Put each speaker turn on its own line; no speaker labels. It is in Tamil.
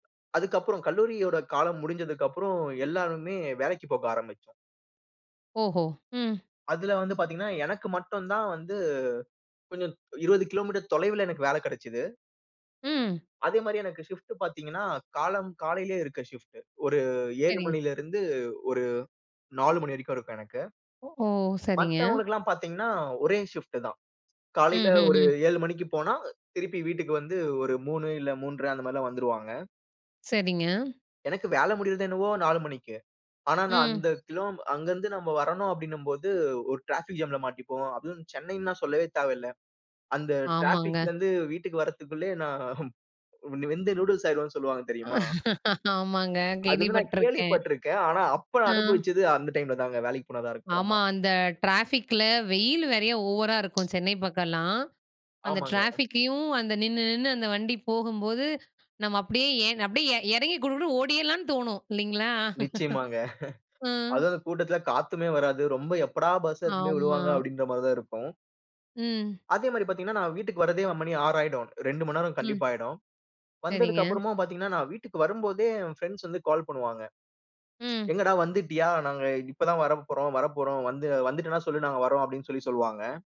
அதுக்கப்புறம் கல்லூரியோட காலம் முடிஞ்சதுக்கப்புறம் எல்லாருமே வேலைக்குப் போக ஆரம்பிச்சோம்.
ஓஹோ! ம்.
அதில வந்து பார்த்தீங்கன்னா, எனக்கு மட்டும் தான் வந்து கொஞ்சம் 20 கிலோ மீட்டர் தொலைவுல எனக்கு வேல கிடைச்சது.
ம்.
அதே மாரி எனக்கு ஷிஃப்ட் பார்த்தீங்கன்னா காலம் காலையிலேயே இருக்கு ஷிஃப்ட் ஒரு 7
சரிங்க.
மணில இருந்து ஒரு 4 மணி வரைக்கும் இருக்கும் எனக்கு.
ஓ! சரிங்க.
மத்தவங்களுக்கு எல்லாம் பார்த்தீங்கனா ஒரே ஷிஃப்ட் தான். காலையில ஒரு
ம்ஹ்ஹ்ம்.
7 மணிக்கு போனா திருப்பி வீட்டுக்கு வந்து ஒரு 3 இல்ல 3 1/2 அந்த மாதிரில்லாம் வந்துருவாங்க.
சரிங்க.
எனக்கு வேல முடியறதென்னவோ 4 மணிக்கு. ஆனா நான்
ம்.
அந்த கிலோ அங்க இருந்து நம்ம வரணும் அப்டின்னும் போது ஒரு டிராஃபிக் ஜாம்ல மாட்டிப்போம். அதுவும் சென்னைனா சொல்லவே தேவையில்ல. அந்த
ஆமாங்க.
டிராபிக்லந்து வீட்டுக்கு வற்ரதுக்குள்ளயே நான் வெந்து நூடுல்ஸ் ஆயிருவேனு சொல்வாங்க தெரியுமா?
ஆமாங்க.
அது வந்து நான்
கேள்விப்பட்டுருக்கேன் ஆ.
கேள்விப்பட்டிருக்கேன். ஆனா, அப்ப
ஆ.
அனுபவிச்சது அந்த டைம்ல தாங்க வேலைக்கு போனது
ஆமா.
அப்பறமா [unintelligible]
அந்த ட்ராஃபிக்குல வெயில் நெறையா ஓவரா இருக்கும் சென்னை பக்கம்லாம். அந்த
ஆமாங்க.
ட்ராஃபிக்கையும் அந்த நின்னு நின்னு அந்த வண்டி போகும்போது நம்ம அப்டியே ஏ அப்டியே இறங்கி குடு குடுன்னு ஓடியர்லான்னு தோணும் இல்லைங்களா
நிச்சியமாங்க.
அ.
அதுவும் அந்த கூட்டத்துல காத்துமே வராது. ரொம்ப எப்படா பஸ் எடுத்துட்டு போய்
ஆமா.
விடுவாங்க அப்டின்ற மாரி தான் இருக்கும்.
ம்.
அதே மாரி பார்த்தீங்கன்னா, நான் வீட்டுக்கு வர்றதே மணி 6 ஆயிடும். 2 நேரம்
ம்.
கண்டிப்பா ஆயிடும். வந்ததக்கு
சரிங்க.
அப்புறமும் பார்த்தீங்கன்னா நான் வீட்டுக்கு வரும்போதே என் ஃபிரெண்ட்ஸ் வந்து கால் பண்ணுவாங்க.
ம்.
"எங்கடா வந்துட்டியா? நாங்க இப்ப தான் வரப்போறோம் வரப்போறோம். வந்து வந்துட்டானா சொல்லு நாங்க வர்றோம்." அப்டின்னு சொல்லி சொல்வாங்க.